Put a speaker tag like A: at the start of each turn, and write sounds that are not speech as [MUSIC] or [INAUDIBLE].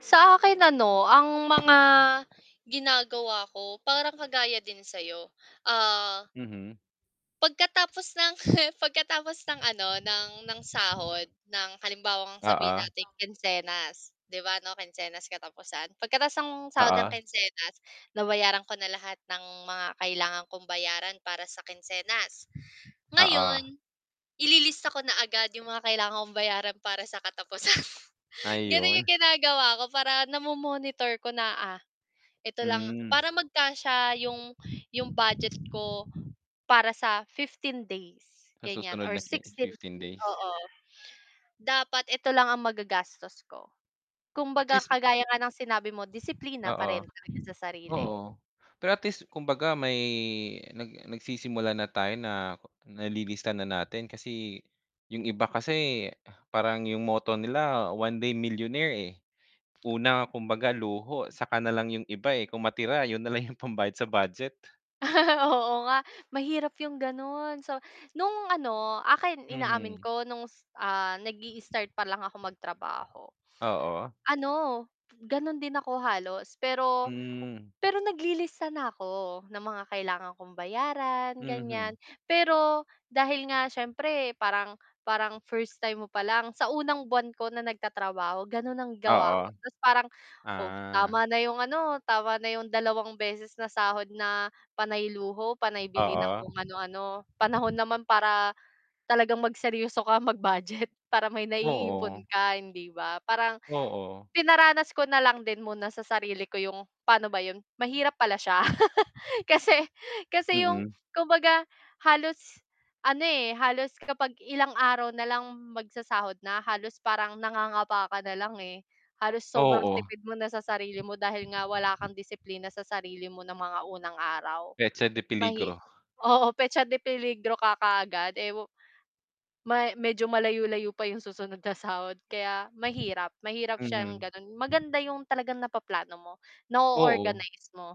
A: Sa akin ano, ang mga ginagawa ko parang kagaya din sa'yo. Ah
B: Mhm.
A: Pagkatapos ng, [CHUCKLES] pagkatapos ng ano ng ng sahod ng halimbawang sabihin
B: Oo.
A: nating kinsenas, 'di ba 'no, kinsenas katapusan. Pagkatapos ng sahod ng
B: Oo.
A: kinsenas, nabayaran ko na lahat ng mga kailangan kong bayaran para sa kinsenas.
B: Oo.
A: Ngayon, ililista ko na agad 'yong mga kailangan kong bayaran para sa katapusan. Gano'n
B: Ayun.
A: 'yong ginagawa ko para namo-monitor ko na, ah, "Eto lang"
B: Hmm.
A: para magkasya yung, yung budget ko para sa 15 days,
B: Sa
A: ganyan
B: susunod
A: or
B: na ki
A: 16
B: 15
A: days,
B: days.
A: oo. Dapat eto lang ang magagastos ko.
B: At
A: Kumbaga
B: least
A: kagaya nga ng sinabi mo, disiplina pa
B: Oo.
A: rin talaga sa sarili.
B: Oo. Pero at least, kumbaga may nag nagsisimula na tayo na nalilista na natin kasi, yung iba kasi parang yung motto nila one day millionaire, eh. Una, kumbaga luho saka nalang yung iba, eh, kung matira 'yun nalang yung pambayad sa budget.
A: [LAUGHS] Oo nga. Mahirap yung gano'n. So, nung ano, akin inaamin
B: Mhm.
A: ko nung s ah, nag-i-start pa lang ako magtrabaho.
B: Oo.
A: Ano, gano'n din ako halos, pero,
B: Hmm.
A: pero naglilista na ako ng mga kailangan kong bayaran,
B: Mhm.
A: ganyan. Pero, dahil nga siyempre parang parang first time mo palang sa unang buwan ko na nagtatrabaho gano'n ang gawa
B: Oo.
A: ko, tapos parang, "Oh,
B: Ah.
A: tama na yung ano, tama na yung dalawang beses na sahod na panay luho, panay bili ng
B: Oo.
A: kung ano-ano. Panahon naman para, talagang magseryoso ka mag-budget, para may
B: Oo.
A: naiipon ka." Hindi ba? Parang,
B: Oo.
A: pinaranas ko na lang din muna sa sarili ko 'yong paano ba 'yon? Mahirap pala siya. [LAUGHS] Kasi, kasi 'yong
B: Mm.
A: kumbaga, halos ano, eh, halos kapag ilang araw na lang magsasahod na, halos parang nangangapa ka na lang, eh. Halos sobrang
B: Oo.
A: tipid mo na sa sarili mo dahil nga wala kang disiplina sa sarili mo ng mga unang araw.
B: Petsa de
A: Mahi
B: peligro.
A: oo petsa de peligro ka kaagad, eh, wu ma medyo malayo-layo pa yung susunod sa sahod kaya, mahirap, mahirap siyang
B: Mm.
A: gano'n. Maganda yung talagang napaplano mo, na
B: Oo.
A: o-organize mo.